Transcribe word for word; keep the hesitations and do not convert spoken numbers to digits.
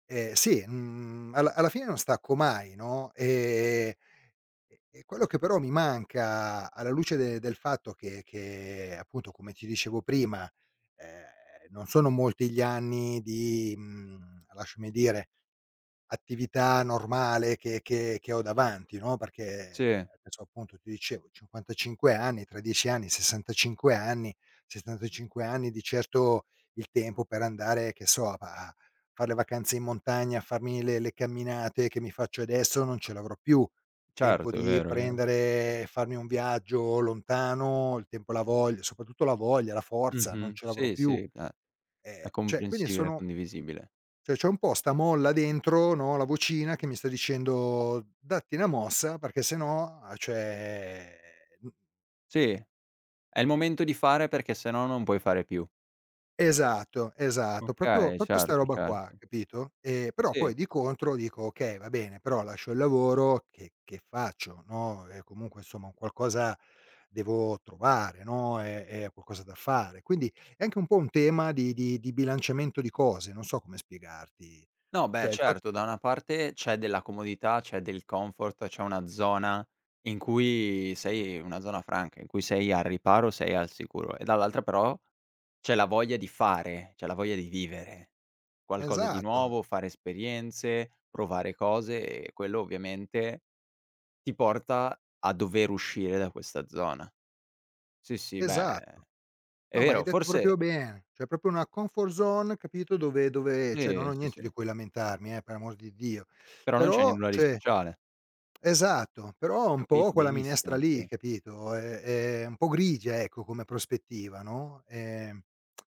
Eh, sì, mhmm, alla alla fine non stacco mai, no, e e e quello che, però, mi manca alla luce del del fatto che che, appunto, come ti dicevo prima, ehm, non sono molti gli anni di mhmm, lasciami dire, attività normale che che che ho davanti, no, perché Sì. adesso, appunto, ti dicevo, cinquantacinque anni, tra dieci anni, sessantacinque anni, sessantacinque anni, di certo, il tempo per andare, che so, a pa a far le vacanze in montagna, farmi le le camminate che mi faccio adesso, non ce l'avrò più. Tempo Certo, è di vero, è vero. prendere e farmi un viaggio lontano, il tempo e la voglia- soprattutto la voglia, la forza- non Mh-mh. ce l'avrò Sì, sì, più. eh, Ehm, è ceh, quindi, comprensibile, è sono condivisibile. ceh, c'ho un po' 'sta molla dentro, no, la vocina che mi sta dicendo: “Datti 'na mossa”, perché se no, a cioè, mhmm Sì, è il momento di fare, perché se no, non puoi fare più. Esatto, esatto, propio, Okay, propio 'sta certo, roba qua, certo. capito, ehm, però, poi, Sì. di contro, dico: “Okay, va bene, però lascio il lavoro che che faccio?” No, e, comunque, somma, un qualcosa devo trovare, no, e e qualcosa da fare. Quindi, è anche un po' un tema di di di di bilanciamento di cose, non so come spiegarti. No, beh, Cioè, il fa certo. Da una parte, c'è della comodità, c'è del comfort, c'è una zona in cui sei in una zona franca, in cui sei al riparo, sei al sicuro. E dall'altra, però, c'è la voglia di fare, c'è la voglia di vivere qualcosa di Esatto. nuovo, fare esperienze, provare cose e quello, ovviamente, ti porta a dover uscire da questa zona. Sì, sì, beh, Esatto. è No, ma hai vero. detto Forse propio bene, ceh, propio una comfort zone capito, dove dove ceh, non ho Sì, sì, niente di sì. cui lamentarmi, eh, per l'amor di Dio. Però non c'è di Però, nulla di cioè speciale. Esatto, però è un po' Capito quella minestra benissimo, lì, sì. capito, è è un po' grigia, ecco, come prospettiva, no, ehm